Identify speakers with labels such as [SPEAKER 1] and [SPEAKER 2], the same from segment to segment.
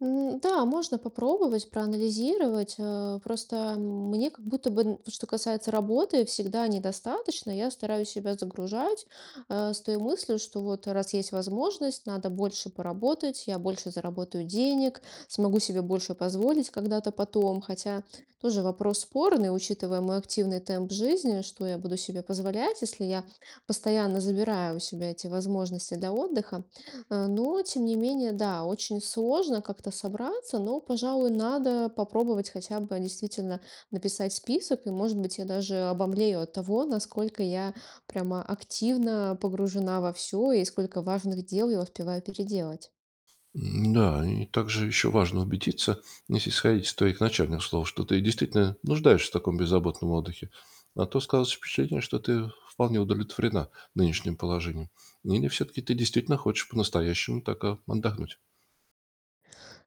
[SPEAKER 1] М, да, можно попробовать проанализировать. Э, просто мне как будто бы, н что касается работы, всегда недостаточно. Я стараюсь себя загружать, э, с той мыслью, что вот, э, раз есть возможность, надо больше поработать, я больше заработаю денег, смогу себе больше позволить когда-то потом. Хотя тоже вопрос спорный, учитывая мой активный темп жизни: что я буду себе позволять, если я постоянно забираю у себя эти возможности для отдыха? А, но, тем не менее, да, очень сложно как-то собраться, но, пожалуй, надо попробовать хотя бы действительно написать список. И, может быть, я даже обомлею от того, насколько я прямо активно погружена во всё и сколько важных дел я успеваю переделать.
[SPEAKER 2] М, да, и также ещё важно убедиться, если исходить из твоих начальных слов, что ты действительно нуждаешься в таком беззаботном отдыхе. А то складывается впечатление, что ты вполне удовлетворена нынешним положением. Или всё-таки ты действительно хочешь по-настоящему так, э, отдохнуть?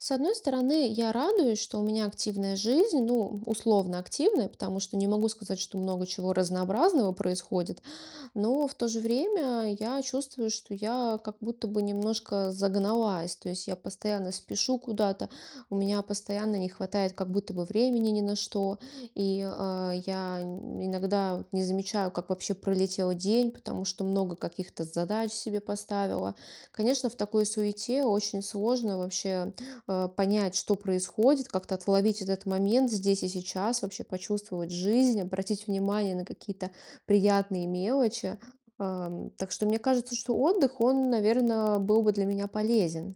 [SPEAKER 1] С одной стороны, я радуюсь, что у меня активная жизнь, ну, условно активная, потому что не могу сказать, что много чего разнообразного происходит. Но в то же время я чувствую, что я как будто бы немножко загналась. То есть я постоянно спешу куда-то, у меня постоянно не хватает как будто бы времени ни на что. И, э, я иногда не замечаю, как вообще пролетел день, потому что много каких-то задач себе поставила. Конечно, в такой суете очень сложно вообще, э, понять, что происходит, как-то отловить этот момент здесь и сейчас, вообще почувствовать жизнь, обратить внимание на какие-то приятные мелочи. Ам, так что мне кажется, что отдых, он, наверное, был бы для меня полезен.